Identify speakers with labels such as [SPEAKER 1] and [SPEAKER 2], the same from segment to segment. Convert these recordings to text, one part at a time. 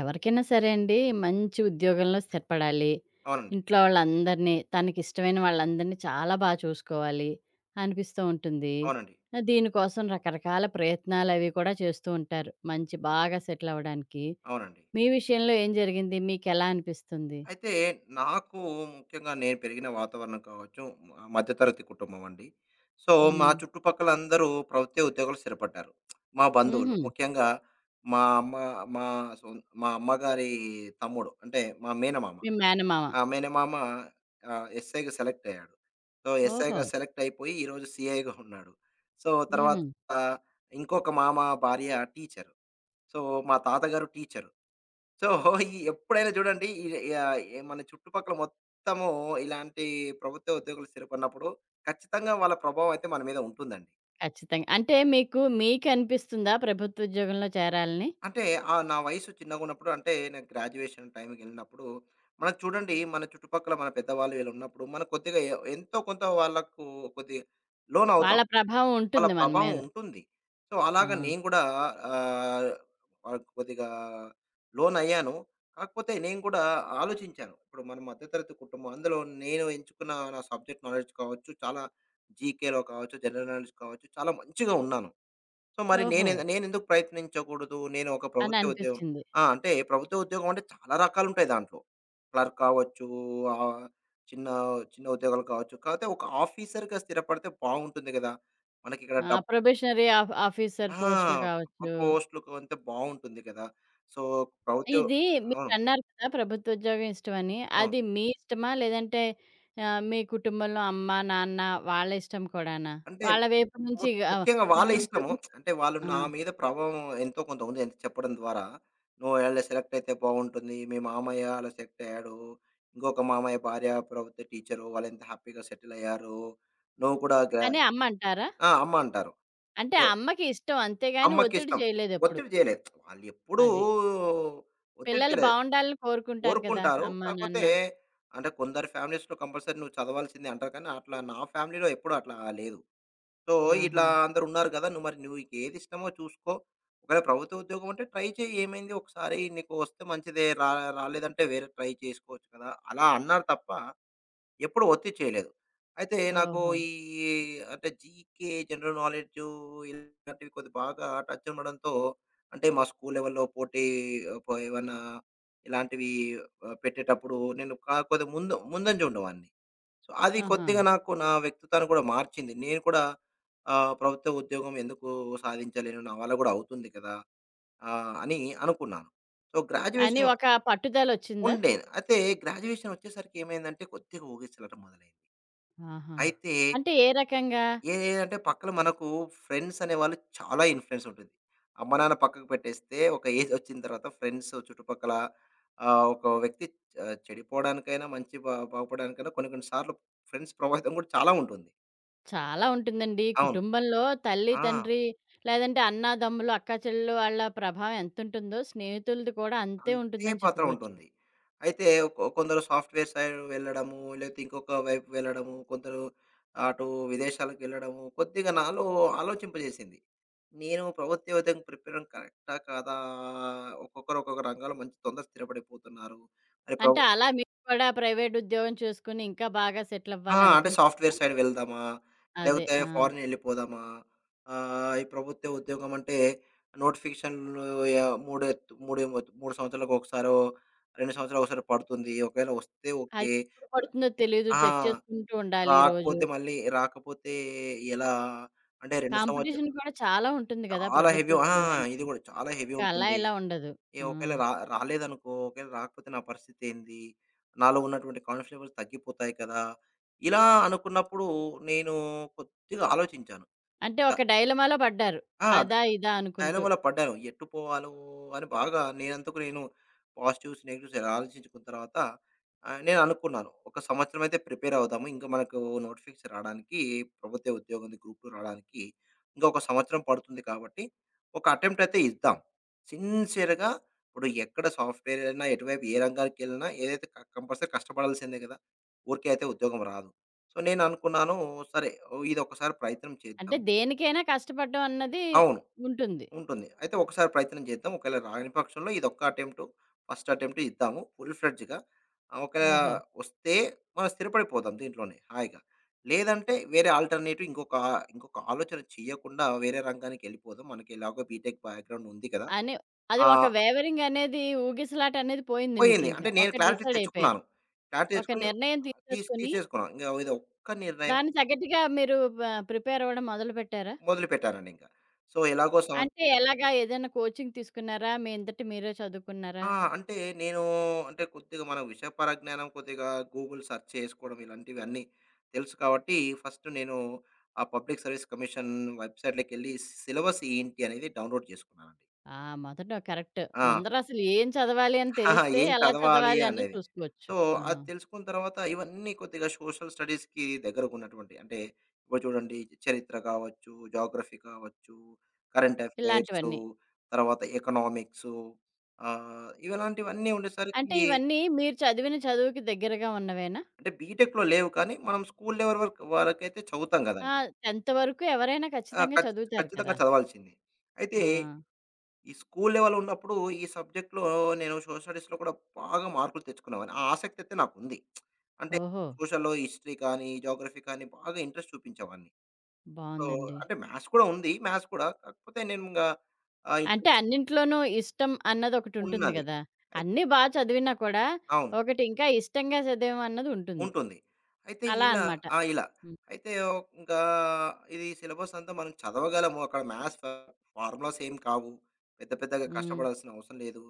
[SPEAKER 1] ఎవరికైనా సరే అండి, మంచి ఉద్యోగంలో స్థిరపడాలి.
[SPEAKER 2] అవునండి.
[SPEAKER 1] ఇంట్లో వాళ్ళందరినీ, తనకిష్టమైన వాళ్ళందరిని చాలా బా చూసుకోవాలి అనిపిస్తూ ఉంటుంది.
[SPEAKER 2] అవునండి.
[SPEAKER 1] అ దీనికోసం రకరకాల ప్రయత్నాలవీ కూడా చేస్తూ ఉంటారు. మంచి బాగా సెటిల్ అవ్వడానికి.
[SPEAKER 2] అవునండి.
[SPEAKER 1] మీ విషయంలో ఏం జరిగింది? మీకెలా అనిపిస్తుంది?
[SPEAKER 2] అయితే, నాకు ముఖ్యంగా, నేను పెరిగిన వాతావరణం కావచ్చు, మ మధ్య తరగతి కుటుంబం అండి. సో, మా
[SPEAKER 1] హ్మ్.
[SPEAKER 2] చుట్టుపక్కలందరూ ప్రభుత్వ ఉద్యోగాల్లో స్థిరపడ్డారు. మా బంధువులు,
[SPEAKER 1] హుహు.
[SPEAKER 2] ముఖ్యంగా, మా అమ్మ మా సొ మా అమ్మగారి తమ్ముడు అంటే, మా మేనమామ.
[SPEAKER 1] మీ మేనమామ.
[SPEAKER 2] ఆ! మేనమామ ఆహ్, ఎస్ఐకి సెలెక్ట్ అయ్యాడు. సో, ఎస్ఐగా
[SPEAKER 1] ఓహో!
[SPEAKER 2] సెలెక్ట్ అయిపోయి, ఈరోజు సీఐగా ఉన్నాడు. సో, తర్వాత
[SPEAKER 1] హుహు.
[SPEAKER 2] ఇంకొక మామ భార్య టీచరు. సో, మా తాతగారు టీచరు. సో, ఈ ఎప్పుడైనా చూడండి ఈ ఆహ్, ఎ మన చుట్టుపక్కల మొత్తము ఇలాంటి ప్రభుత్వ ఉద్యోగులు స్థిరిపడన్నప్పుడు ఖచ్చితంగా వాళ్ళ ప్రభావం అయితే మన మీద ఉంటుందండి.
[SPEAKER 1] ఖచ్చితంగా. అంటే మీకు మీకనిపిస్తుందా ప్రభుత్వుద్యోగంలో చేరాలని?
[SPEAKER 2] అంటే, ఆహ్, నా వయసు చిన్నగున్నప్పుడు అంటే, నేను గ్రాడ్యుయేషన్ టైంకెళ్ళినప్పుడు మనం చూడండి, మన చుట్టుపక్కల మన పెద్దవాళ్ళు వీళ్ళున్నప్పుడు, మన కొద్దిగా ఎ ఎంతో కొంత వాళ్ళకు కొద్దిగా లోనవుతాం.
[SPEAKER 1] వాళ్ళ ప్రభావం
[SPEAKER 2] వాళ్ళ
[SPEAKER 1] ఉంటుంది మన
[SPEAKER 2] ప్రభావం
[SPEAKER 1] మీద.
[SPEAKER 2] ఉంటుంది. సో, అలాగా
[SPEAKER 1] ఆ!
[SPEAKER 2] నేను గూడా ఆహ్, వాటికి కొద్దిగా లోనయ్యాను. కాకపోతే, నేను కూడా ఆలోచించాను. ఇప్పుడు మన మధ్య తరగతి కుటుంబం అందులో నేను ఎంచుకున్న నా సబ్జెక్ట్ నాలెడ్జ్ కావచ్చు, చాలా జీకేలో కావచ్చు, జనరల్ నాలెడ్జ్ కావచ్చు, చాలా మంచిగా ఉన్నాను. సో, మరి నేనె
[SPEAKER 1] ఓహో!
[SPEAKER 2] నేనెందుకు ప్రయత్నించకూడదు? నేను ఒక ప్రభుత్వ ఉద్యోగం
[SPEAKER 1] అననిపిస్చింది.
[SPEAKER 2] ఆ! అంటే ప్రభుత్వ ఉద్యోగం అంటే చాలా రకాలుంటాయి దాంట్లో. క్లర్క్ అవ్వొచ్చు, ఆహ్, చిన్న చిన్న ఉద్యోగాలు కావచ్చు, కాకపోతే, ఒక ఆఫీసర్‌గా స్థిరపడితే బావుంటుంది కదా! మనకిక్కడ
[SPEAKER 1] ఆ!
[SPEAKER 2] డబ్
[SPEAKER 1] ప్రొబేషనరీ ఆఫ్ ఆఫీసర్
[SPEAKER 2] ఆ!
[SPEAKER 1] పో‌స్ట్‌లు
[SPEAKER 2] పో
[SPEAKER 1] గావచ్చు,
[SPEAKER 2] పోస్ట్‌లోకు వెళ్తే బావుంటుంది కదా! సో, ప్రభుత్యో
[SPEAKER 1] ఇది
[SPEAKER 2] ఆ!
[SPEAKER 1] మీరన్నారు కదా! ప్రభుత్వుద్యోగం ఇష్టమని.
[SPEAKER 2] ఆ!
[SPEAKER 1] అది మీ ఇష్టమా? లేదంటే ఆహ్, మీ కుటుంబంలో అమ్మ, నాన్న వాళ్ళ ఇష్టం కూడానా?
[SPEAKER 2] అంటే,
[SPEAKER 1] వాళ్ళ వైపు నుంచి
[SPEAKER 2] ముక్
[SPEAKER 1] గ
[SPEAKER 2] ముఖ్యంగా
[SPEAKER 1] మరి
[SPEAKER 2] వాళ్ళ
[SPEAKER 1] నువ్వు
[SPEAKER 2] ఇష్టము.
[SPEAKER 1] ప్రభుత్వ
[SPEAKER 2] అంటే, వాళ్ళు
[SPEAKER 1] ఆ!
[SPEAKER 2] నా మీద ప్రభావం ఎంతో కొంత ఉంది. ఎంత చెప్పడం ద్వారా నువ్వు ఓవేళ సెలెక్ట్ అయితే బావుంటుంది. మీ మామయ్య అలా సెట్ అయ్యాడు. ఇంకొక మామయ్య భార్య ప్రభుత్వ టీచరు, వాళ్లెంత హ్యాపీగా సెటిల్ అయ్యారు. నువ్వు కూడా గా
[SPEAKER 1] కానీ, అమ్మంటారా?
[SPEAKER 2] ఆ! అమ్మ అంటారు.
[SPEAKER 1] అంటే,
[SPEAKER 2] సో
[SPEAKER 1] అమ్మకి ఇష్టం. అంతేగాని, ఒత్తిడి
[SPEAKER 2] అమ్మకిష్టం.
[SPEAKER 1] చేయలేదెప్పుడు.
[SPEAKER 2] ఒత్తిడి జేయలేదు. వాళ్ళు ఎప్పుడూ
[SPEAKER 1] అది.
[SPEAKER 2] ఒత్తిడి
[SPEAKER 1] పిల్లలు
[SPEAKER 2] చేయలేదు.
[SPEAKER 1] బావుండాలని కోరుకుంటారు కదా!
[SPEAKER 2] కోరుకుంటారు.
[SPEAKER 1] అమ్మ
[SPEAKER 2] కాపోతే,
[SPEAKER 1] నాన్న.
[SPEAKER 2] అంటే, కొందరి ఫ్యామిలీస్‌లో కంపల్సరీ నువ్వు చదవాల్సిందే అంటారు కానీ, అట్లా నా ఫ్యామిలీలో ఎప్పుడట్లా లేదు. సో, ఇట్లా
[SPEAKER 1] ఆహా!
[SPEAKER 2] అందరున్నారు కదా! నువ్వు మరి నువ్వు నీకేదిష్టమో చూసుకో. ఒకవేళ ప్రభుత్వ ఉద్యోగం అంటే ట్రై చేయి. ఏమైంది ఒకసారి నీకు వస్తే మంచిదే. రా రాలేదంటే వేరే ట్రై చేసుకోవచ్చు కదా! అలా అన్నారు తప్ప, ఎప్పుడు ఒత్తిడి చేయలేదు. అయితే, నాకు
[SPEAKER 1] ఓహో!
[SPEAKER 2] ఈ అంటే జీకే జనరల్ నాలెడ్జు ఇలాంటివి కొద్ది బాగా టచ్ ఉండడంతో, అంటే మా స్కూల్ లెవెల్‌లో పోటీ కో ఏమన్నా ఇలాంటివి ఆహ్, పెట్టేటప్పుడు నేను కా కొద్దిగా ముందు ముందంజ ఉండేవాడిని. సో, అది
[SPEAKER 1] ఆహా!
[SPEAKER 2] కొద్దిగా నాకు నా వ్యక్తిత్వాన్ని కూడా మార్చింది. నేను కూడా ఆహ్, ప్రభుత్వ ఉద్యోగం ఎందుకు సాధించలేను? నా వల్ల గూడా అవుతుంది కదా! ఆ! అని అనుకున్నాను. సో,
[SPEAKER 1] అని
[SPEAKER 2] గ్రాడ్యుయేషన్
[SPEAKER 1] ఒక పట్టుదలొచ్చిందా?
[SPEAKER 2] ఉండే. అయితే గ్రాడ్యుయేషన్ ఒచ్చేసరికి ఏమైందంటే కొద్దిగా ఊగిసలాట మొదలైంది.
[SPEAKER 1] ఆహా!
[SPEAKER 2] అయితే
[SPEAKER 1] అంటే ఏ రకంగా?
[SPEAKER 2] ఏ ఏంటంటే పక్కన మనకు ఫ్రెండ్స్ అనే వాళ్ళు చాలా ఇన్‌ఫ్లుయెన్స్ ఉంటుంది. అమ్మనాన్న పక్కకు పెట్టేస్తే ఒక ఏజొచ్చిన తర్వాత ఫ్రెండ్సు చుట్టుపక్కల ఆహ్, ఒక వ్యక్తి ఆహ్ చె చెడిపోవడానికైనా మంచి బ బాగుపడడానికైనా కొన్ని కొన్ని సార్లు ఫ్రెండ్స్ ప్రభావితం కూడా చాలా ఉంటుంది.
[SPEAKER 1] చాలా ఉంటుందండి.
[SPEAKER 2] అవును.
[SPEAKER 1] కుటుంబంలో తల్లి
[SPEAKER 2] ఆ!
[SPEAKER 1] తండ్రి లేదంటే అన్నదమ్ములు, అక్కా చెల్లెలు వాళ్ళ ప్రభావం ఎంతుంటుందో స్నేహితులది కూడా అంతే
[SPEAKER 2] అంతే
[SPEAKER 1] ఉంటుందని
[SPEAKER 2] పాత్ర
[SPEAKER 1] చెప్పుకోవచ్చు.
[SPEAKER 2] ఉంటుంది. అయితే కొ కొందరు సాఫ్ట్‌వేర్ సైడ్ వెళ్ళడము, లేతే ఇంకొక వైపు వెళ్ళడము, కొందరు అటు విదేశాలకెళ్ళడము, కొద్దిగా నాలో ఆలోచింపజేసింది. నేను ప్రభుత్వ ఉద్యోగానికి ప్రిపేరవ్వడం కరెక్టా కాదా! ఒక్కొక్కరు ఒక్కొక్క రంగాాల్లో మంచి తొందరగ స్థిరపడిపోతున్నారు. మరి
[SPEAKER 1] అంటే
[SPEAKER 2] ప్రబు
[SPEAKER 1] అలా మీరు కూడా ప్రైవేటుద్యోగం చూసుకొని ఇంకా బాగా
[SPEAKER 2] ఆ! అంటే సాఫ్ట్‌వేర్
[SPEAKER 1] సెటిలవ్వాలనిపించిందా?
[SPEAKER 2] సైడ్ వెళ్దామా?
[SPEAKER 1] అదే.
[SPEAKER 2] లేకపోతే
[SPEAKER 1] ఆ!
[SPEAKER 2] ఫారినెళ్ళిపోదామా? ఆహ్, ఈ ప్రభుత్వ ఉద్యోగమంటే నోటిఫికేషన్లు ఆహ్, మూడ మూడె మూడు సంవత్సరాలకొకసారో, 2 సంవత్సరాలకొకసారో పడుతుంది. ఒకవేళ వస్తే,
[SPEAKER 1] అది.
[SPEAKER 2] ఓకే.
[SPEAKER 1] ఎప్పుడు పడుతుందో తెలీదు
[SPEAKER 2] ర ఆ!
[SPEAKER 1] చెక్ చేసుకుంటూ ఉండాలి రోజు.
[SPEAKER 2] రాకపోతే మళ్ళీ, రాకపోతే ఎలా? అంటే 2 సంవత్స
[SPEAKER 1] కాంపిటీషన్ గూడా చాలా ఉంటుంది గదా,
[SPEAKER 2] చాలా హెవీ ఆ!
[SPEAKER 1] ప్రభుత్వోద్యోగానికి.
[SPEAKER 2] ఇది కూడా. చాలా హెవీ
[SPEAKER 1] ఇంక అలా
[SPEAKER 2] ఉంటుంది.
[SPEAKER 1] ఇలా ఉండదు.
[SPEAKER 2] ఏ
[SPEAKER 1] ఆ!
[SPEAKER 2] ఒకవేళ ర రాలేదనుకో ఒకవేళ రాకపోతే నా పరిస్థితేంది? నాలో ఉన్నటువంటి కాన్ఫిడెన్స్ లెవల్స్ తగ్గిపోతాయి కదా! ఇలా అనుకున్నప్పుడు నేను కొద్దిగా ఆలోచించాను.
[SPEAKER 1] అంటే
[SPEAKER 2] క
[SPEAKER 1] ఒక డైలమాలో పడ్డారు.
[SPEAKER 2] ఆ! డ డ
[SPEAKER 1] అదా ఇదా అనుకుంటూ.
[SPEAKER 2] డైలమాలో పడ్డాను. ఎట్టు పోవాలో అని బాగా నేనందుకు నేను పాజిటివ్స్ నెగెటివ్స్ ఆలోచించుకున్న తర్వాత ఆహ్, నేననుకున్నాను ఇంకొక సంవత్సరం అయితే ప్రిపేరవుదాము. ఇంక మనకు నోటిఫికేషన్స్ రాడానికి ప్రభుత్వ ఉద్యోగం గ్రూప్ 2 రాడానికి ఇంకొక సంవత్సరం పడుతుంది కాబట్టి. ఒక అటెంప్ట్ అయితే ఇద్దాం. సిన్స్‌యర్‌గా ఇప్పుడు ఎక్కడ సాఫ్ట్‌వేరయినా, ఎటువైపు ఏ రంగానికిెళ్ళినా ఏదైతే క కంపల్సరీ కష్టపడాల్సిందే గదా! ఊరికే అయితే ఉద్యోగం రాదు. సో, నేనునుకున్నాను సరే ఇదొక్కసారి ప్రయత్నం
[SPEAKER 1] అంటే
[SPEAKER 2] చేద్దాం.
[SPEAKER 1] దేనికైనా కష్టపడ్డం అన్నది
[SPEAKER 2] అవును.
[SPEAKER 1] ఉంటుంది.
[SPEAKER 2] ఉంటుంది. అయితే ఒకసారి ప్రయత్నం చేద్దాం. ఒకేళ రానిపక్షంలో ఇదొక్క అటెంప్టు ఫస్ట్ అటెంప్ట్ ఇద్దాము ఫుల్‌-ఫ్లెడ్జ్‌గా ఆహ్, ఒకలా
[SPEAKER 1] ఓహో!
[SPEAKER 2] వస్తే మనం స్థిరపడిపోదాం దీంట్లోనే హాయిగా. లేదంటే వేరే ఆల్టర్నేటివ్ ఇంకొక, ఇంకొక ఆలోచన చేయకుండా వేరే రంగానికెళ్ళిపోదాం, మనకి ఎలాగో బీటెక్ బ్యాక్‌గ్రౌండ్ ఉంది కదా!
[SPEAKER 1] అని అది
[SPEAKER 2] ఆ
[SPEAKER 1] ఒక వేవరింగ్ అనేది, ఊగిసలాటనేది పోయింది
[SPEAKER 2] పోయింది.
[SPEAKER 1] మీకింక.
[SPEAKER 2] అంటే నేను
[SPEAKER 1] ఒకటి
[SPEAKER 2] క్లారిటీ
[SPEAKER 1] డిసైడైపోయారు.
[SPEAKER 2] తెచ్చుకున్నాను. క్లారిటీ
[SPEAKER 1] ఒక
[SPEAKER 2] తెచ్చుకుని,
[SPEAKER 1] నిర్ణయం
[SPEAKER 2] తీస్
[SPEAKER 1] తీసేసుకొని
[SPEAKER 2] తీసేసుకున్నాం. ఇంక ఇదొక్క నిర్ణయం
[SPEAKER 1] దాన్ని తగ్గట్టుగా మీరు ప ప్రిపేరవ్వడం మొదలుపెట్టారా?
[SPEAKER 2] మొదలుపెట్టానండి ఇంకా. సో ఎలాగో సంవత్
[SPEAKER 1] అంటే ఎలాగా? ఏదైనా కోచింగ్ తీసుకున్నారా? మీ అందట మీరే చదువుకున్నారా?
[SPEAKER 2] ఆ! అంటే నేను అంటే కొద్దిగా మన విషయ పరజ్ఞానం కొద్దిగా గూగుల్ సెర్చ్ చేసుకోవడం ఇలాంటివన్నీ తెలుసు కాబట్టి, ఫస్టు నేను ఆ పబ్లిక్ సర్వీస్ కమిషన్ వెబ్‌సైట్‌లోకెళ్ళి సిలబస్ ఏంటి అనేది డౌన్‌లోడ్ జేసుకున్నానండి.
[SPEAKER 1] ఆ! మొదటొ కరెక్టు.
[SPEAKER 2] ఆ!
[SPEAKER 1] ముందరసలు ఏం చదవాలి అని తెలిస్తే,
[SPEAKER 2] ఏం
[SPEAKER 1] ఎలా
[SPEAKER 2] చదవాలి
[SPEAKER 1] చదవాలి అన్నది
[SPEAKER 2] అనేది?
[SPEAKER 1] చూసుకోవచ్చు.
[SPEAKER 2] సో,
[SPEAKER 1] ఆ!
[SPEAKER 2] అది తెలుసుకున్న తర్వాత ఇవన్నీ కొద్దిగా సోషల్ స్టడీస్‌కి దగ్గరకున్నటువంటివి. అంటే ఇప్పుడు చూడండి చరిత్ర కావచ్చు, జాగ్రఫీ కావచ్చు, కరెంట్ ఎఫైర్సు
[SPEAKER 1] ఇలాంటివన్నీ.
[SPEAKER 2] తర్వాత ఎకనామిక్సు ఆహ్, ఇవలాంటివన్నీ
[SPEAKER 1] అంటే
[SPEAKER 2] ఉండేసరికి
[SPEAKER 1] ఇవన్నీ మీరు చదివిన చదువుకి దగ్గరగా ఉన్నవేనా?
[SPEAKER 2] అంటే బీటెక్‌లో లేవు. కానీ మనం స్కూలు లెవల్ వర్ వరకైతే చదువుతాం
[SPEAKER 1] ఆ!
[SPEAKER 2] గదండీ!
[SPEAKER 1] 10థ్ వరకు ఎవరైనా
[SPEAKER 2] ఆ!
[SPEAKER 1] ఖచ్చితంగా
[SPEAKER 2] ఖచ్చ
[SPEAKER 1] చదువుతారు
[SPEAKER 2] ఖచ్చితంగా
[SPEAKER 1] కదా!
[SPEAKER 2] చదవాల్సింది. అయితే.
[SPEAKER 1] ఆ!
[SPEAKER 2] ఈ స్కూలు లెవెల్ ఉన్నప్పుడు ఈ సబ్జెక్ట్‌లో నేను సోషల్ స్టడీస్‌లో కూడా బాగా మార్కులు తెచ్చుకునేావాన్ని. ఆ ఆసక్తయితే నాకుంది. అంటే
[SPEAKER 1] ఓహో!
[SPEAKER 2] సోషళ్ళొ హిస్టరీ కానీ, జాగ్రఫీ కానీ బాగా ఇంట్రెస్ట్ చూపించేవాడిని. సో,
[SPEAKER 1] బావుందండి.
[SPEAKER 2] అంటే మ్యాథ్స్ కూడా ఉంది, మ్యాథ్స్ కూడా. కాకపోతే నేనింగా,
[SPEAKER 1] అంటే
[SPEAKER 2] [unintelligible]
[SPEAKER 1] అన్నింట్లోనూ ఇష్టం అన్నది ఒకటుంటుంది
[SPEAKER 2] ఉన్నది.
[SPEAKER 1] గదా!
[SPEAKER 2] అయి
[SPEAKER 1] అన్నీ బా చదివినా కూడా
[SPEAKER 2] అవును.
[SPEAKER 1] ఒకటి ఇంకా ఇష్టంగా చదివామన్నదుంటుంది.
[SPEAKER 2] ఉంటుంది. అయితే
[SPEAKER 1] అలా
[SPEAKER 2] ఇలా
[SPEAKER 1] అనమాట.
[SPEAKER 2] ఆ! ఇలా.
[SPEAKER 1] హ్మ్.
[SPEAKER 2] అయితే ఒ ఇంకా ఇది సిలబసంతా మనం చదవగలము. అక్కడ మ్యాథ్స్ ఫ ఫార్ములాస్ ఏం కావు. పెద్ద పెద్దగా
[SPEAKER 1] హ్మ్.
[SPEAKER 2] కష్టపడాల్సిన అవసరం లేదు.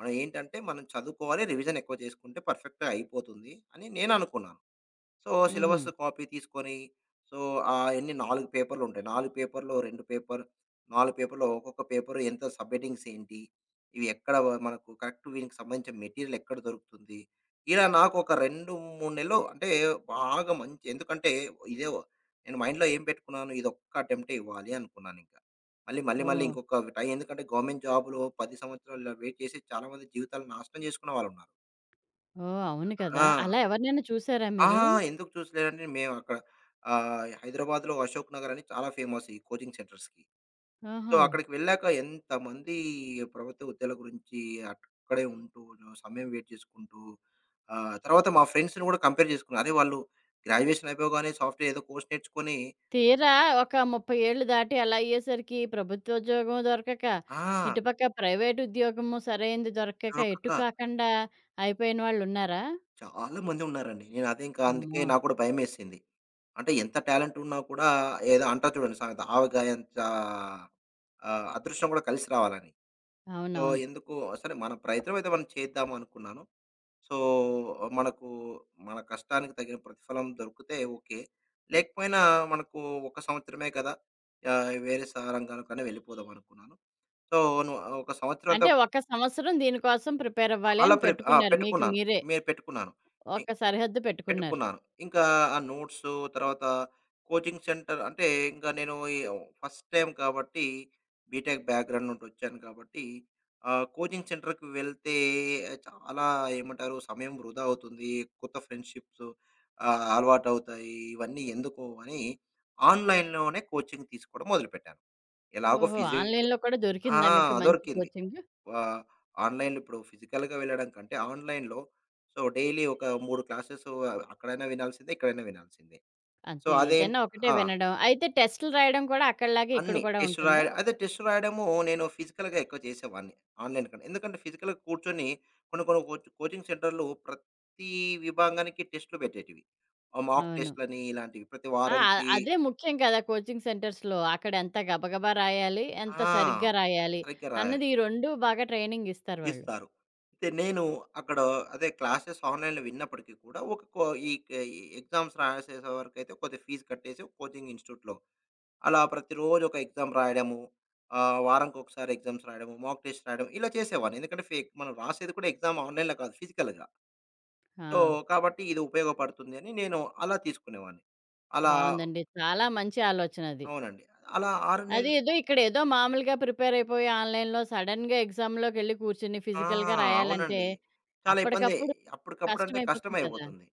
[SPEAKER 2] మనం ఏంటంటే మనం చదువుకోవాలి, రివిజన్ ఎక్కువ చేసుకుంటే పర్ఫెక్ట్‌గా అయిపోతుంది, అని నేనునుకున్నాను. సో, సిలబస్
[SPEAKER 1] హుహు.
[SPEAKER 2] కాపీ తీసుకొని, సో, ఎన్నీ 4 పేపర్‌లుంటాయి. 4 పేపర్‌లో‌ 2 పేపర్. 4 పేపర్‌లో ఒక్కొక్క పేపరు ఎంత సబ్‌హెడింగ్స్ ఏంటి? ఇవి ఎక్కడ మనకు కరెక్ట్ వీనికి సంబంధించిన మెటీరియల్ ఎక్కడ దొరుకుతుంది? ఇలా నాకు ఒక 2, 3 నెలలు అంటే బాగా మంచి ఎందుకంటే, ఇదే నేను మైండ్‌లో ఏం పెట్టుకున్నాను? ఇదొక్క అటెంప్టే ఇవ్వాలి అనుకున్నానింక. మళ్ళీ, మళ్ళీ, మళ్ళీ
[SPEAKER 1] ఓహ్!
[SPEAKER 2] ఇంకొకట్టా, ఎందుకంటే గవర్నమెంట్ జాబ్‌లో 10 సంవత్సరాలు ఇలా వెయిట్ చేసి చాలామంది జీవితాలు నాశనం జేసుకున్న వాళ్ళున్నారు.
[SPEAKER 1] ఓహ్! అవును కదా!
[SPEAKER 2] ఆ!
[SPEAKER 1] అలా ఎవరినైనా చూసారా
[SPEAKER 2] ఆ!
[SPEAKER 1] మీరు?
[SPEAKER 2] ఎందుకు చూసలేనంటే మేము అక్కడ ఆహ్, హైదరాబాద్‌లో అశోక్ నగర్ అని చాలా ఫేమస్ ఈ కోచింగ్ సెంటర్స్‌కి. సో,
[SPEAKER 1] ఆహా!
[SPEAKER 2] అక్కడికి వెళ్ళాక ఎంతమంది ప్రభుత్వ ఉద్యోగలు గురించి అక్కడే ఉంటూ జ సమయం వెయిట్ జేసుకుంటూ ఆహ్, తర్వాత మా ఫ్రెండ్స్‌ని కూడా కంపేర్ జేసుకున్నారు. "అరే! వాళ్ళు గ్రాడ్యుయేషన్ అయిపోగానే సాఫ్ట్‌వేర్ ఏదో కోర్స్ నేర్చుకొని"
[SPEAKER 1] తీరా ఒక 30 ఏళ్లు దాటి అలా అయ్యేసరికి ప్రభుత్వోద్యోగం దొరకక,
[SPEAKER 2] ఆ!
[SPEAKER 1] ఇటుపక్క ప్రైవేట్ ఉద్యోగము సరైంది దొరకక,
[SPEAKER 2] దొరకక.
[SPEAKER 1] ఎటు కాకుండా అయిపోయిన వాళ్ళున్నారా?
[SPEAKER 2] చాలామంది ఉన్నారండి. నేను అదే ఇంక అందుకే
[SPEAKER 1] అమ్మో!
[SPEAKER 2] నాగూడా భయమేసింది. అంటే, ఎంత టాలెంటున్నా కూడా ఏదో అంటా చూడండి సామేత "ఆవకాయంచా ఆహ్, అదృష్టం గూడా కలిసి రావాలని." సో,
[SPEAKER 1] అవునవును.
[SPEAKER 2] ఎందుకు? సరే మన ప్రయత్నమైతే మనం చేద్దామనుకున్నాను. సో, మనకు మన కష్టానికి తగిన ప్రతిఫలం దొరికితే ఓకే. లేకపోయినా మనకు ఒక సంవత్సరమే కదా! యాహ్! వేరే సారంగానుకనే వెళ్ళిపోదామనుకున్నాను. సో, నువు ఒక
[SPEAKER 1] అంటే,
[SPEAKER 2] సంవత్సరంతావ్
[SPEAKER 1] ఒక సంవత్సరం దీనికోసం ప్రిపేరవ్వాలి
[SPEAKER 2] అలా
[SPEAKER 1] అని
[SPEAKER 2] ప్రిప్ ఆ!
[SPEAKER 1] పెట్టుకున్నారు మీకు
[SPEAKER 2] పెట్టుకున్నాను,
[SPEAKER 1] మీరే.
[SPEAKER 2] మే పెట్టుకున్నాను. మీ
[SPEAKER 1] ఒక సరిహద్దు పెట్టుకున్నారు.
[SPEAKER 2] పెట్టుకున్నాను. ఇంక, ఆ నోట్సు తర్వాత కోచింగ్ సెంటర్ అంటే, ఇంక నేను ఈ ఫస్ట్ టైమ్ కాబట్టి, బీటెక్ బ్యాక్‌గ్రౌండ్ నుండి ఒచ్చాను కాబట్టి, ఆ కోచింగ్ సెంటర్‌కి వెళ్తే చాలా ఏమంటారు? సమయం వృధా అవుతుంది, కొత్త ఫ్రెండ్‌షిప్సు ఆహ్, అలవాటువుతాయి. ఇవన్నీ ఎందుకు అని, ఆన్‌లైన్‌లోనే కోచింగ్ తీసుకోవడం మొదలుపెట్టాను. ఎలాగో
[SPEAKER 1] ఓహో!
[SPEAKER 2] ఫిజి
[SPEAKER 1] ఆన్‌లైన్‌‌లో కూడా
[SPEAKER 2] ఆ!
[SPEAKER 1] దొరికిందా మీకు మంచి
[SPEAKER 2] దొరికింది.
[SPEAKER 1] కోచింగు.
[SPEAKER 2] వా ఆన్‌లైన్‌లో ఇప్పుడు ఫిజికల్‌గా వెళ్ళడంకంటే ఆన్‌లైన్‌లో, సో, డైలీ ఒక 3 క్లాసెసు అ అక్కడైనా వినాల్సిందే, ఇక్కడైనా వినాల్సిందే. సో,
[SPEAKER 1] అంతే. ఏదైనా
[SPEAKER 2] అదేంటి
[SPEAKER 1] ఒకటే
[SPEAKER 2] ఆ!
[SPEAKER 1] వినడం. అయితే, టెస్ట్‌లు రాయడం కూడా అక్కడిలాగా ఇక్కడ
[SPEAKER 2] అన్ని
[SPEAKER 1] కూడా
[SPEAKER 2] టెస్ట్
[SPEAKER 1] ఉంటుందా?
[SPEAKER 2] రాయడం. అయితే, టెస్ట్ రాయడము నేను ఫిజికల్‌గా ఎక్కువ చేసేవాడిని ఆన్‌లైన్‌ కంటే. ఎందుకంటే, ఫిజికల్‌గా కూర్చొని కొన్ని కొన్ని కోచ్ కోచ్ కోచింగ్ సెంటర్లు ప్రతీ విభాంగానికి టెస్టులు బెట్టేటివి. ఆ మాక్
[SPEAKER 1] అవును.
[SPEAKER 2] టెస్ట్‌లని ఇలాంటివి. ప్రతి
[SPEAKER 1] ఆ! అ
[SPEAKER 2] వారనికి
[SPEAKER 1] అదే ముఖ్యం కదా! కోచింగ్ సెంటర్స్‌లో అక్కడ ఎంత గబగబా రాయాలి, ఎంత
[SPEAKER 2] ఆ!
[SPEAKER 1] సరిగ్గా రాయాలి
[SPEAKER 2] సరిగ్గా రాయాలి.
[SPEAKER 1] అన్నది ఈ రొండు బాగా ట్రైనింగ్ ఇస్తారు వాళ్ళు.
[SPEAKER 2] ఇస్తారు. అయితే, నేను అక్కడొ అదే క్లాసెస్ ఆన్‌లైన్‌లో విన్నప్పటికి కూడా ఒకకో ఇక ఈ ఎగ్జామ్స్ రాసేసే వరకైతే కొద్దిగా ఫీజ్ కట్టేసి కోచింగ్ ఇన్స్టిట్యూట్‌‌లో. అలా ప్రతిరోజు ఒక ఎగ్జామ్ రాయడము, ఆహ్, వారం ఒకసారి ఎగ్జామ్స్ రాయడం, మాక్ టెస్ట్ రాయడం ఇలా చేసేవాన్ని. ఎందుకంటే, ఫేక్. మనం రాసేది కూడా ఎగ్జామ్ ఆన్‌లైన్‌లో కాదు ఫిజికల్‌గా. సో,
[SPEAKER 1] ఆ!
[SPEAKER 2] కాబట్టి ఇది ఉపయోగపడుతుంది అని నేను అలా తీసుకునేవాడిని. అలా
[SPEAKER 1] బావుందండి. చాలా మంచి ఆలోచనది.
[SPEAKER 2] అవునండి. అలా 6
[SPEAKER 1] అది
[SPEAKER 2] నెలలు
[SPEAKER 1] ఏదో ఇక్కడేదో మామూలుగా ప్రిపేర్ అయిపోయి ఆన్‌లైన్‌‌లో సడెన్‌గా ఎగ్జామ్‌లోకెళ్ళి కూర్చొని
[SPEAKER 2] ఆ!
[SPEAKER 1] ఫిజికల్‌గా రాయాలంటే,
[SPEAKER 2] అవునండి. చాలా ఇబ్బందే.
[SPEAKER 1] అప్పటికప్పుడు
[SPEAKER 2] అప్పటికప్పుడంటే
[SPEAKER 1] కష్టమైపోతుంది కదా!
[SPEAKER 2] కష్టమయిపోతుంది.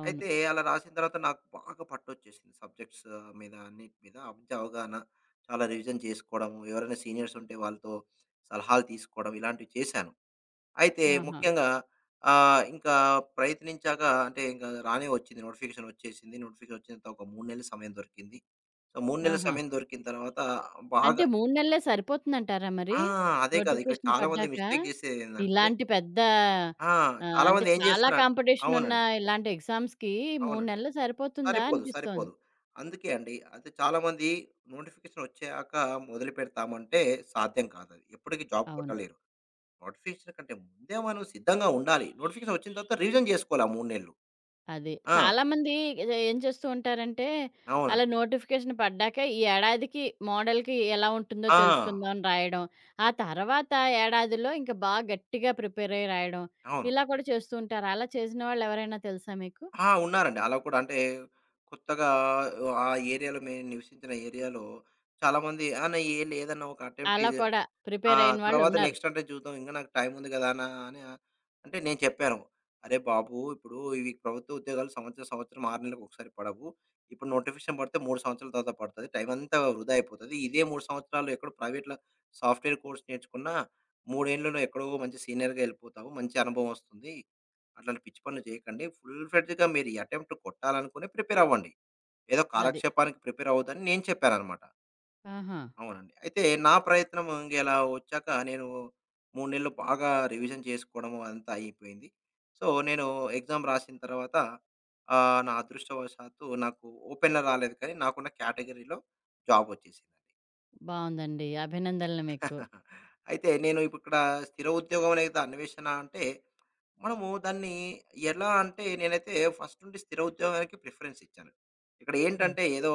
[SPEAKER 1] అవును.
[SPEAKER 2] అయితే, అలా రాసిన తర్వాత నాకు బాగా పట్టోచ్చేసింది సబ్జెక్ట్సు మీద అన్నిటి మీద అబ్జ అవగాహన. చాలా రివిజన్ చేసుకోవడంము, ఎవరైనా సీనియర్సుంటే వాళ్ళతో సలహాలు తీసుకోవడం, ఇలాంటివి చేశాను. అయితే,
[SPEAKER 1] ఆహా!
[SPEAKER 2] ముఖ్యంగా ఆహ్, ఇంకా ప్రయత్నించాక అంటే, ఇంగా రానే ఒచ్చింది. నోటిఫికేషన్ ఒచ్చేసింది, నోటిఫికేషన్ ఒచ్చినంత ఒక 3 నెలలు సమయం దొరికింది. సో, 3 నెల్ల
[SPEAKER 1] ఆహా!
[SPEAKER 2] సమయం దొరికిన తర్వాత
[SPEAKER 1] అంటే
[SPEAKER 2] బాగా
[SPEAKER 1] 3 నెల్లే సరిపోతుందంటారా మరీ?
[SPEAKER 2] ఆ! అదే కాదు. ఇక్కడ
[SPEAKER 1] నోటిఫికేషన్
[SPEAKER 2] చాలామంది
[SPEAKER 1] పడ్డాక?
[SPEAKER 2] మిస్టేక్ జేసే ఏందంటే
[SPEAKER 1] ఇలాంటి పెద్ద
[SPEAKER 2] ఆ!
[SPEAKER 1] ఆహ్, అంటే,
[SPEAKER 2] చాలామంది ఏం
[SPEAKER 1] చాలా
[SPEAKER 2] జేస్తారు అన్
[SPEAKER 1] కాంపిటీషనున్న
[SPEAKER 2] అవునండి.
[SPEAKER 1] ఇలాంటి ఎగ్జామ్స్‌కి 3
[SPEAKER 2] అవునండి.
[SPEAKER 1] నెల్లు సరిపోతుందా
[SPEAKER 2] సరిపోదు.
[SPEAKER 1] అనిపిస్తోంది.
[SPEAKER 2] సరిపోదు. అందుకే అండి. అయితే, చాలామంది నోటిఫికేషన్ ఒచ్చాక మొదలుపెడతామంటే సాధ్యం కాదది. ఎప్పటికీ జాబ్
[SPEAKER 1] అవును.
[SPEAKER 2] కొట్టలేరు. నోటిఫికేషన్ కంటే ముందే మనం సిద్ధంగా ఉండాలి. నోటిఫికేషన్ ఒచ్చిన తర్వాత రివిజన్ జేసుకోవాలి ఆ 3 నెల్లు.
[SPEAKER 1] అది.
[SPEAKER 2] ఆ!
[SPEAKER 1] చాలామంది ఏదో ఏం చేస్తూ ఉంటారంటే
[SPEAKER 2] అవునండి.
[SPEAKER 1] అలా నోటిఫికేషన్ పడ్డాక ఈ ఏడాదికి, మోడల్‌కి ఎలా ఉంటుందో
[SPEAKER 2] ఆ!
[SPEAKER 1] తెలుసుకుందామని రాయడం, ఆ తర్వాత ఏడాదిలో ఇంక బాగా గట్టిగా ప్రిపేరయి రాయడం,
[SPEAKER 2] అవును.
[SPEAKER 1] ఇలా కూడా చేస్తూ ఉంటారు. అలా చేసిన వాళ్ళు ఎవరైనా తెలుసా మీకు?
[SPEAKER 2] ఆ! ఉన్నారండి. అలా కూడా అంటే, కొత్తగా ఆ ఏరియాలో మేము నివసించిన ఏరియాలో చాలామంది "అన్న ఏం లేదన్న ఒక అటెంప్ట్
[SPEAKER 1] అలా
[SPEAKER 2] ఇది.
[SPEAKER 1] కూడా
[SPEAKER 2] ఆ!
[SPEAKER 1] ప్రిపేరయిన
[SPEAKER 2] తర్వాత
[SPEAKER 1] వాళ్ళున్నారు.
[SPEAKER 2] నెక్స్ట్ అంటే జూద్దాం ఇంగ నాకు టైముంది గదా!" అన్న అని అ అంటే, నేను చెప్పాను. "అరే బాబు! ఇప్పుడు ఇవి ప్రభుత్వ ఉద్యోగాలు సంవత్సరం, సంవత్సరం 6 నెల్ల‌కు ఒకసారి పడవు. ఇప్పుడు నోటిఫికేషన్ పడితే 3 సంవత్సరాల తర్వాత పడుతది. టైమంతా వృధా అయిపోతది. ఇదే 3 సంవత్సరాలు ఎక్కడో ప్రైవేట్‌లా సాఫ్ట్‌వేర్ కోర్స్ నేర్చుకున్నా, మూడేండ్లలో ఎక్కడో మంచి సీనియర్‌గా ఎళ్ళిపోతావు, మంచి అనుభవమస్తుంది. అట్లాంటి పిచ్చి పనులు జేయకండి. ఫుల్ ఫ్రెడ్జ్‌గా మీరు ఈ అటెంప్ట్ కొట్టాలనుకొని ప్రిపేర్ అవ్వండి. ఏదో
[SPEAKER 1] అది.
[SPEAKER 2] కాలక్షేపానికి ప్రిపేర్ అవ్వొద్దని" నేను చెప్పానన్నమాట.
[SPEAKER 1] ఆహా!
[SPEAKER 2] అవునండి. అయితే నా ప్రయత్నము ఇంక ఎలా ఒచ్చాక నేను 3 నెలలు బాగా రివిజన్ చేసుకోడము, అదంతా అయిపోయింది. సో, నేను ఎగ్జామ్ రాసిన తర్వాత ఆహ్, నా అదృష్టవశాతు నాకు ఓపెన్‌గా రాలేదు కానీ, నాకున్న కేటగిరీలో జాబొచ్చేసిందండి.
[SPEAKER 1] బావుందండి. అభినందనలు మీకు.
[SPEAKER 2] అయితే నేను ఇప్పుడిక్కడ స్థిర ఉద్యోగం లేతే, అన్వేషణా అంటే, మనము దాన్ని ఎలా అంటే, నేనైతే ఫస్ట్ నుండి స్థిర ఉద్యోగానికి ప్రిఫరెన్స్ ఇచ్చాను.
[SPEAKER 1] అది.
[SPEAKER 2] ఇక్కడేంటంటే ఏదో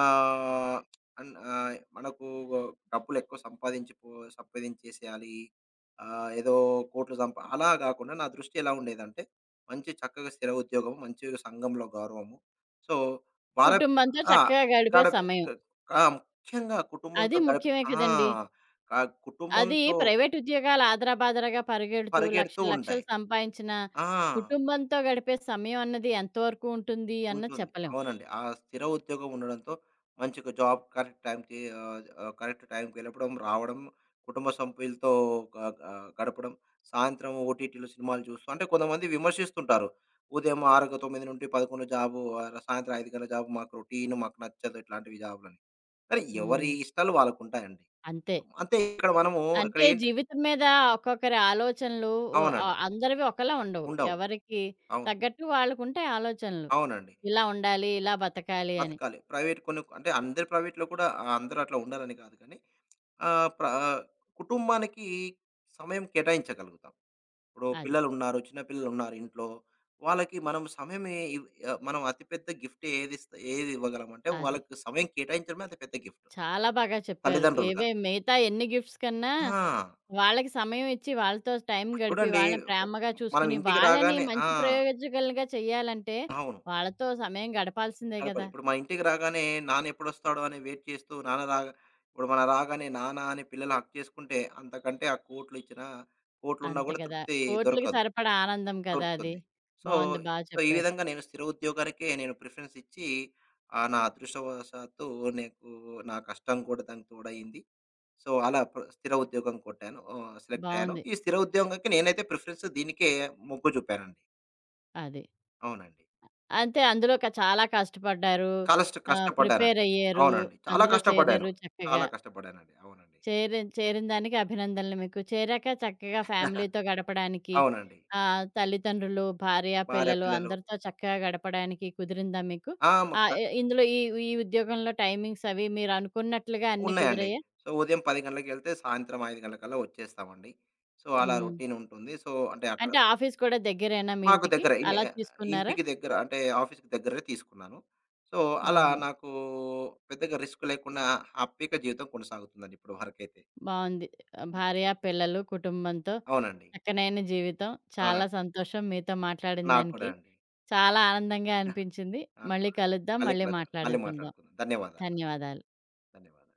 [SPEAKER 2] ఆహ్, అన్ ఆహ్, మనకు ఒ డబ్బులెక్కువ సంపాదించికపో సంపాదించేసేయాలి, ఆహ్, ఏదో కోట్లు సంపా అలా గాకుండా నా దృష్టి ఎలా ఉండేదంటే, మంచి చక్కగా స్థిర ఉద్యోగము, మంచిగ సంఘంలో గౌరవము. సో, వారత్
[SPEAKER 1] కుటుంబంతో
[SPEAKER 2] ఆ!
[SPEAKER 1] చక్కగా గడిపే
[SPEAKER 2] గడప
[SPEAKER 1] సమయం.
[SPEAKER 2] ఆ! ముఖ్యంగా
[SPEAKER 1] అది
[SPEAKER 2] కుటుంబంతో గడిపి
[SPEAKER 1] ముఖ్యమే
[SPEAKER 2] ఆ!
[SPEAKER 1] కదండీ!
[SPEAKER 2] ఆ
[SPEAKER 1] అది
[SPEAKER 2] కుటుంబంతో
[SPEAKER 1] ప్రైవేట్ ఉద్యోగాలాదరాబాదరాగా పరిగెడుతూ,
[SPEAKER 2] పరిగెడుతూ
[SPEAKER 1] లక్షలు,
[SPEAKER 2] ఉంటాయి.
[SPEAKER 1] లక్షలు సంపాదించిన
[SPEAKER 2] ఆ!
[SPEAKER 1] కుటుంబంతో గడిపే సమయం అన్నది ఎంతవరకు ఉంటుంది అన్నది
[SPEAKER 2] ఉంటుంది.
[SPEAKER 1] చెప్పలేం.
[SPEAKER 2] అవునండి. ఆ స్థిర ఉద్యోగం ఉండడంతో మంచిగా జాబ్ కరెక్ట్ టైంకి ఆహ్, ఆహ్, కరెక్ట్ టైంకి వెళ్ళడం రావడం, కుటుంబ సభ్యులతో గ గ గడపడం, సాయంత్రం ఓటీటీలో సినిమాలు చూస్తూ, అంటే కొంతమంది విమర్శిస్తుంటారు. ఉదయం ఆరు గ 9:00-11:00 జాబు, ఆహ్, సాయంత్రం 5:00 గంటల జాబు, మాకు రొటీను మాకు నచ్చదు, ఇట్లాంటివి జాబులని. అరే! ఎవరి
[SPEAKER 1] హ్మ్.
[SPEAKER 2] ఇష్టాలు వాళ్ళకుంటాయండి.
[SPEAKER 1] అంతే.
[SPEAKER 2] అంతే ఇక్కడ మనము ఇక్కడ
[SPEAKER 1] అంటే
[SPEAKER 2] ఏంటి
[SPEAKER 1] జీవితం మీద ఒక్కొక్కరి ఆలోచనలు ఒ అ
[SPEAKER 2] అవునండి.
[SPEAKER 1] అందరివి ఒకళ ఉండవు.
[SPEAKER 2] ఉండవు.
[SPEAKER 1] ఎవరికి
[SPEAKER 2] అవును.
[SPEAKER 1] తగ్గట్టు వాళ్ళకుంటాయి ఆలోచనలు.
[SPEAKER 2] అవునండి.
[SPEAKER 1] ఇలా ఉండాలి, ఇలా బతకాలి అని.
[SPEAKER 2] బతకాలి. ప్రైవేట్ కొన్ని అంటే అందరి ప్రైవేట్‌లో కూడా ఆహ్, అందరట్లా ఉండాలని కాదు కానీ, ఆహ్, ప్ర కుటుంబానికి సమయం కేటాయించగలుగుతాం. ఇప్పుడు
[SPEAKER 1] అది.
[SPEAKER 2] పిల్లలున్నారు. చిన్న పిల్లలున్నారు ఇంట్లో, వాళ్ళకి మనం సమయం ఇ ఆహ్, మనం అతి పెద్ద గిఫ్ట్ ఏదిస్ ఏది ఇవ్వగలంంటే,
[SPEAKER 1] అది.
[SPEAKER 2] వాళ్ళకి సమయం కేటాయించడమే అతి పెద్ద గిఫ్టు.
[SPEAKER 1] చాలా బాగా చెప్పారు.
[SPEAKER 2] తల్లిదండ్రులుగా.
[SPEAKER 1] ఏవే మిగతా ఎన్ని గిఫ్ట్స్ కన్నా,
[SPEAKER 2] ఆ!
[SPEAKER 1] వాళ్ళకి సమయం ఇచ్చి, వాళ్ళతో టైం
[SPEAKER 2] ఇప్పుడు
[SPEAKER 1] గడిపి,
[SPEAKER 2] చూడండి
[SPEAKER 1] వాళ్ళని ప్రేమగా
[SPEAKER 2] మనం
[SPEAKER 1] చూసుకొని,
[SPEAKER 2] ఇంటికి
[SPEAKER 1] వాళ్ళని
[SPEAKER 2] రాగానే ఆ!
[SPEAKER 1] మంచి ప్రయోజకులుగా చెయ్యాలంటే
[SPEAKER 2] అవును.
[SPEAKER 1] వాళ్ళతో సమయం గడపాల్సిందే
[SPEAKER 2] గడపాలి.
[SPEAKER 1] గదా!
[SPEAKER 2] ఇప్పుడు మా ఇంటికి రాగానే నాన్నెప్పుడొస్తాడు అని వెయిట్ చేస్తూ, నాన్న రాగ ఇప్పుడు మనం రాగానే నాన్న అని పిల్లలు హగ్ చేసుకుంటే, అంతకంటే ఆ కోట్లు ఇచ్చినా కోట్లున్నా
[SPEAKER 1] అంతే
[SPEAKER 2] కూడా
[SPEAKER 1] గదా!
[SPEAKER 2] తృప్తి
[SPEAKER 1] కోట్లుకి
[SPEAKER 2] దొరకదు.
[SPEAKER 1] సరిపడా ఆనందం కదా అది!
[SPEAKER 2] దొరుకుతుంది. సో,
[SPEAKER 1] బావుంది. బా
[SPEAKER 2] సో, ఈ
[SPEAKER 1] చెప్పారు.
[SPEAKER 2] విధంగా నేను స్థిర ఉద్యోగాలకే నేను ప్రిఫరెన్స్ ఇచ్చి ఆహ్, నా అదృష్టవాసాతు నీకు నా కష్టం కూడా దానికి తోడయింది. సో, అలా ప్ర స్థిర ఉద్యోగం కొట్టాను. ఆహ, సెలెక్టయ్యాను.
[SPEAKER 1] బావుంది.
[SPEAKER 2] ఈ స్థిర ఉద్యోగానికి నేనైతే ప్రిఫరెన్స్ దీనికే మొగ్గు జూపానండి.
[SPEAKER 1] అది.
[SPEAKER 2] అవునండి.
[SPEAKER 1] అ అంతే. అందులో క చాలా కష్టపడ్డారు.
[SPEAKER 2] కలష్ట
[SPEAKER 1] ఆహ్,
[SPEAKER 2] కష్టపడ్డానండి.
[SPEAKER 1] ప్రిపేరయ్యారు.
[SPEAKER 2] అవునండి. చాలా
[SPEAKER 1] అందులో
[SPEAKER 2] కష్టపడ్డాను.
[SPEAKER 1] చేరారు చక్కగా.
[SPEAKER 2] చాలా కష్టపడానండి. అవునండి.
[SPEAKER 1] చేరిన్ చేరినదానికి అభినందనలు మీకు. చేరాక చక్కగా ఫ్యామిలీతో గడపడానికి,
[SPEAKER 2] అవునండి.
[SPEAKER 1] ఆహ్, తల్లిదండ్రులు, భార్యా
[SPEAKER 2] భార్య
[SPEAKER 1] పిల్లలు
[SPEAKER 2] పిల్లలు.
[SPEAKER 1] అందరితో చక్కగా గడపడానికి కుదిరిందా మీకు?
[SPEAKER 2] ఆ! ముక్క
[SPEAKER 1] ఆహ్, ఇ ఇందులో ఈ ఈ ఉద్యోగంలో టైమింగ్స్ అవి మీరు అనుకున్నట్లుగా అన్నీ
[SPEAKER 2] ఉన్నాయండి.
[SPEAKER 1] కుదిరయాా?
[SPEAKER 2] సో, ఉదయం 10:00 గంటలకెళ్తే, సాయంత్రం 5:00 గంటలకల్లా వచ్చేస్తామండి. సో, అలా
[SPEAKER 1] హ్మ్.
[SPEAKER 2] రొటీనుంటుంది. సో, అంటే అక్కడ
[SPEAKER 1] అంటే ఆఫీస్ కూడా దగ్గరేనా మీ
[SPEAKER 2] మాకు
[SPEAKER 1] ఇంటికి?
[SPEAKER 2] దగ్గరే. ఇన్
[SPEAKER 1] అలా తీసుకున్నారా?
[SPEAKER 2] ఇంటికి దగ్గర. అంటే ఆఫీస్‌కి దగ్గరే తీసుకున్నాను. సో, అలా
[SPEAKER 1] ఓహో!
[SPEAKER 2] నాకు పెద్దగా రిస్క్ లేకుండా హ్యాపీగా జీవితం కొనసాగుతుందండి ఇప్పుడు వరకైతే.
[SPEAKER 1] బావుంది.
[SPEAKER 2] ఆ!
[SPEAKER 1] భార్యా పిల్లలు కుటుంబంతో
[SPEAKER 2] అవునండి.
[SPEAKER 1] చక్కనైన జీవితం. చాలా
[SPEAKER 2] అవునండి.
[SPEAKER 1] సంతోషం మీతో
[SPEAKER 2] నాకు కూడా
[SPEAKER 1] మాట్లాడినదానికి.
[SPEAKER 2] అండి.
[SPEAKER 1] చాలా ఆనందంగా అనిపించింది.
[SPEAKER 2] నాకు
[SPEAKER 1] మళ్ళీ
[SPEAKER 2] కూడా.
[SPEAKER 1] కలుద్దాం.
[SPEAKER 2] మళ్ళీ
[SPEAKER 1] మళ్ళీ
[SPEAKER 2] కలుద్దాం. మళ్ళీ
[SPEAKER 1] మాట్లాడుకుందాం.
[SPEAKER 2] మాట్లాడుకుందాం. ధన్యవాదాలు.
[SPEAKER 1] ధన్యవాదాలు.
[SPEAKER 2] ధన్యవాదాలు.